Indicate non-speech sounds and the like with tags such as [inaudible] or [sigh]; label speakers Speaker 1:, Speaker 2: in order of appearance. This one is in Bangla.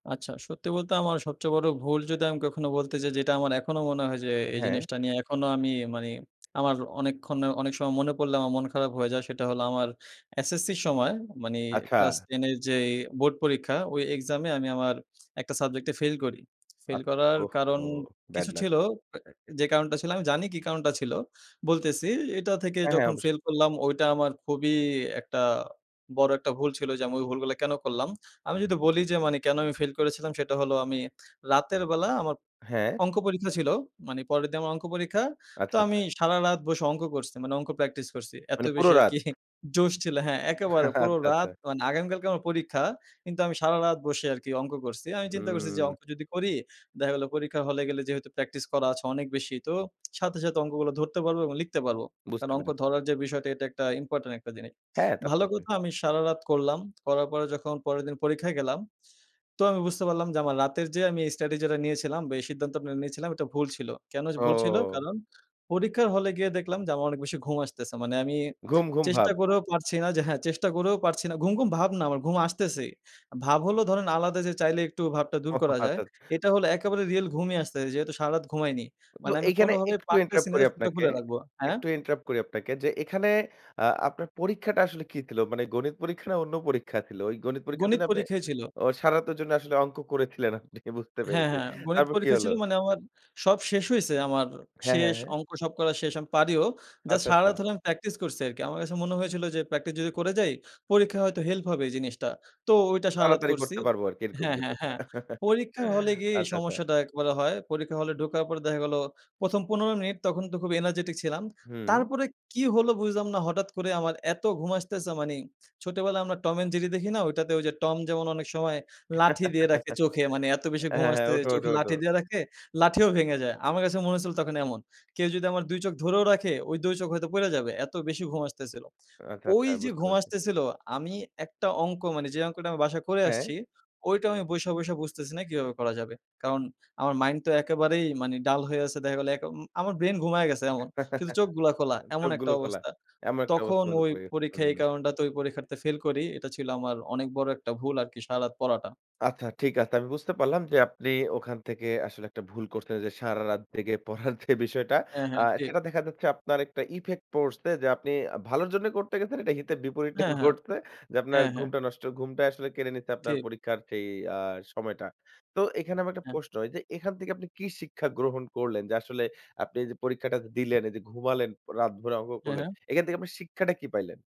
Speaker 1: আচ্ছা, সত্যি বলতে আমার সবচেয়ে বড় ভুল যদি আমি কখনো বলতে যাই যেটা আমার এখনো মনে হয় যে এই
Speaker 2: হ্যাঁ।
Speaker 1: জিনিসটা নিয়ে এখনো আমি মানি আমার অনেকক্ষন অনেক সময় মনে পড়লে আমার মন খারাপ হয়ে যায় সেটা হল আমার SSCর সময় মানি
Speaker 2: আচ্ছা।
Speaker 1: ক্লাস 10 এর যে বোর্ড পরীক্ষা ওই এক্সামে আমি আমার একটা সাবজেক্ট এ ফেইল করি। ফেইল
Speaker 2: আত
Speaker 1: করার কারণ
Speaker 2: ওহহো! ব্যাড
Speaker 1: কিছু
Speaker 2: লাক!
Speaker 1: ছিল। এ যে কারণটা ছিল আমি জানি কি কারণটা ছিল। বলতেসি এটা থেকে
Speaker 2: হ্যাঁ, হ্যাঁ।
Speaker 1: যখন
Speaker 2: অবশ্যাই।
Speaker 1: ফেইল করলাম, ওইটা আমার খুবই একটা বড় একটা ভুল ছিল যে আমি ওই ভুলগুলো কেনো করলাম? আমি যদি বলি যে মানি কেনো আমি ফাইল করেছিলা্‌ সেটা হলো আমি রাতের বেলা আমার
Speaker 2: হ্যাঁ।
Speaker 1: অঙ্ক পরীক্ষা ছিল। মানি পরের দিন আমার অঙ্ক পরীক্ষা। তো
Speaker 2: আচ্ছা,
Speaker 1: আমি
Speaker 2: আচ্ছা।
Speaker 1: সারারাত বসে অংক করসি। মা্নে অংক প্র্যাকটিস করসি। এত
Speaker 2: মানে পুরো
Speaker 1: বেশি
Speaker 2: রাত।
Speaker 1: আরকি জোশ ছিল হ্যাঁ, একেবারে
Speaker 2: আচ্ছা,
Speaker 1: পুরো
Speaker 2: আচ্ছা।
Speaker 1: রাত মানে আগামীকালকে আমার পরীক্ষা। কিন্তু আমি সারারাত বসে আরকি অংক করসি। আমি চিন্তা করসি যে
Speaker 2: হুম।
Speaker 1: অংক যদি করি, দেখা গেল পরীক্ষা হলে গেলে যেহেতু প্র্যাকটিস করা আছে অনেক বেশি। তো সাথে, সাথে অংকগুলো ধরতে পারবো এবং লিখতে পারবো। কারণ
Speaker 2: বুঝতে
Speaker 1: অংক
Speaker 2: পেরেছি।
Speaker 1: ধরার যে বিষয়টা এটা একটা ইম্পোর্টেন্ট একটা জিনিস।
Speaker 2: হ্যাঁ, তা তো
Speaker 1: ভালো
Speaker 2: অবশ্যই।
Speaker 1: কথা আমি সারারাত করলাম। করার পরে যখন পরের দিন পরীক্ষায় গেলাম তো আমি বুঝতে পারলাম যে আমার রাতের যে আমি এই স্টাডি যেটা নিয়েছিলাম বা এই সিদ্ধান্ত নিয়েছিলাম এটা ভুল ছিল। কেনো এ ভুল ছিল?
Speaker 2: ও।
Speaker 1: কারণ পরীক্ষার হলে গিয়ে দেখলাম যে আমার অনেক বেশি ঘুম আসতেসে। মানে আমি
Speaker 2: ঘুম, ঘুম
Speaker 1: চেষ্টা
Speaker 2: ভাব।
Speaker 1: করেও পারছি না যে হ্যাঁ চেষ্টা করেও পারছি না। ঘুম, ঘুম ভাব না আমার ঘুম আসতেসেই। ভাব হলো ধরেন আলাদা যে চাইলে একটু ভাবটা দূর
Speaker 2: ওহহো!
Speaker 1: করা যায়।
Speaker 2: আচ্ছা, আচ্ছা।
Speaker 1: এটা হলো একেবারে রিয়াল ঘুমই আসতেসে। যেহেতু সারারাত ঘুমাইনি।
Speaker 2: তো
Speaker 1: মানে আমি
Speaker 2: এখানে
Speaker 1: কোনোভাবেই
Speaker 2: একটু
Speaker 1: পারতেসি
Speaker 2: ইন্টারাপ্ট
Speaker 1: না
Speaker 2: করি
Speaker 1: যে চোখটা
Speaker 2: আপনাকে।
Speaker 1: খুলে রাখবো হ্যাঁ?
Speaker 2: একটু ইন্টারাপ্ট করি আপনাকে যে এখানে আ আপনার পরীক্ষাটা আসলে কি ছিল? মানে গণিত পরীক্ষা না অন্য পরীক্ষা ছিল। ওই গণিত পরীক্ষার দিন
Speaker 1: গণিত
Speaker 2: আপনে
Speaker 1: পরীক্ষাই ছিল।
Speaker 2: ও সারাতের জন্য আসলে অঙ্ক করেছিলেন আপনি বুঝতে
Speaker 1: হ্যাঁ,
Speaker 2: পেরেছি
Speaker 1: হ্যাঁ গণিত
Speaker 2: তারপর কি
Speaker 1: পরীক্ষা
Speaker 2: হলো?
Speaker 1: ছিল মানে আমার সব শেষ হইসে আমার
Speaker 2: হ্যাঁ, হ্যাঁ,
Speaker 1: শেষ
Speaker 2: হ্যাঁ।
Speaker 1: অঙ্ক সব করা শেষ আমি পারিও। জাস্ট
Speaker 2: আচ্ছা, আচ্ছা।
Speaker 1: সারারাত হলে আমি প্র্যাকটিস করসি আরকি। আমার কাছে মনে হয়েছিল যে প্র্যাকটিস যদি করে যাই পরীক্ষা হয়তো হেল্প হবে জিনিসটা। তো ওইটা সারারাত
Speaker 2: তাড়াতাড়ি
Speaker 1: করসি
Speaker 2: করতে পারবো আরকি এরকম
Speaker 1: হ্যাঁ,
Speaker 2: কিছু
Speaker 1: হ্যাঁ,
Speaker 2: একটা।
Speaker 1: হ্যাঁ
Speaker 2: [chuckles]
Speaker 1: পরীক্ষার হলে গিয়ে এই
Speaker 2: আচ্ছা, আচ্ছা।
Speaker 1: সমস্যাটা একবারে হয়। পরীক্ষা হলে ঢোকার পর দেখা গেল ১ম ১৫ মিনিট তখন তো খুব এনার্জেটিক ছিলাম।
Speaker 2: হুম।
Speaker 1: তারপরে কি হলো বুঝলাম না হঠাৎ করে আমার এত ঘুম আসতেসে মানে ছোটবেলায় আমরা Tom and Jerry দেখি না ওইটাতে ওই যে টম যেমন অনেক সময় লাঠি দিয়ে রাখে
Speaker 2: [chuckles]
Speaker 1: চোখে। মানি এত বেশি ঘুম
Speaker 2: হ্যাঁ, হ্যাঁ,
Speaker 1: আসতেছে
Speaker 2: ওঠো, ওঠো,
Speaker 1: চোখে
Speaker 2: ওঠো।
Speaker 1: লাঠি দিয়া রাখে লাঠিও ভেঙে যায়। আমার কাছে মনে হয়েছিল তখন এমন। কেউ যদি আমার ২ চোখ ধরেও রাখে ওই ২ চোখ হয়তো পইড়া যাবে। এত বেশি ঘুম আসতেসিল।
Speaker 2: আচ্ছা, আচ্ছা।
Speaker 1: ওইযে
Speaker 2: বুঝতে
Speaker 1: ঘুম
Speaker 2: পেরেছি।
Speaker 1: আসতেসিল আমি একটা অংক মানে যে অঙ্কটা আমি বাসায় করে
Speaker 2: হ্যাঁ।
Speaker 1: আসছি, ওইটা আমি বইসা, বইসা বুঝতেসি না কিভাবে করা যাবে। কারণ আমার মাইন্ড তো একেবারেই মানে ডাল হয়ে আসে দেখা গেল এক অ আমার ব্রেইন ঘুমাইয়া গেসে এমন। শুধু
Speaker 2: [chuckles]
Speaker 1: চোখগুলা খোলা এমন একটা
Speaker 2: চোখগুলো খোলা।
Speaker 1: অবস্থা।
Speaker 2: এমন একটা
Speaker 1: তখন
Speaker 2: অবস্থার মধ্যে
Speaker 1: ওই
Speaker 2: পড়ে গেছেন,
Speaker 1: পরীক্ষায় এই
Speaker 2: হুম।
Speaker 1: কারণটাতে ওই পরীক্ষাতে ফেল করি। এটা ছিল আমার অনেক বড় একটা ভুল আরকি সারারাত পড়াটা।
Speaker 2: আচ্ছা, ঠিক আছে আমি বুঝতে পারলাম যে আপনি ওখান থেকে আসলে একটা ভুল করছেন যে সারারাত জেগে পড়ার যে বিষয়টা
Speaker 1: হ্যাঁ,
Speaker 2: আ
Speaker 1: হ্যাঁ, ঠিক।
Speaker 2: সেটা দেখা যাচ্ছে আপনার একটা ইফেক্ট পড়সে যে আপনি ভালোর জন্যে করতে গেছেন এটা হিতে বিপরীতটা
Speaker 1: হ্যাঁ, হ্যাঁ।
Speaker 2: ঘটসে যে আপনার
Speaker 1: হ্যাঁ, হ্যাঁ।
Speaker 2: ঘুমটা নষ্ট। ঘুমটাই আসলে কেড়ে নিছে আপনার
Speaker 1: ঠিক।
Speaker 2: পরীক্ষার যে আ সময়টা। তো এখানে আমার একটা
Speaker 1: হ্যাঁ।
Speaker 2: প্রশ্ন এইযে এখান থেকে আপনি কি শিক্ষা গ্রহণ করলেন যে আসলে আপনি এইযে পরীক্ষাটা দিলেন, এইযে ঘুমালেন রাত ভরে অঙ্ক
Speaker 1: হ্যাঁ,
Speaker 2: করলেন।
Speaker 1: হ্যাঁ।
Speaker 2: এখান থেকে আপনার শিক্ষাটা কি পাইলেন?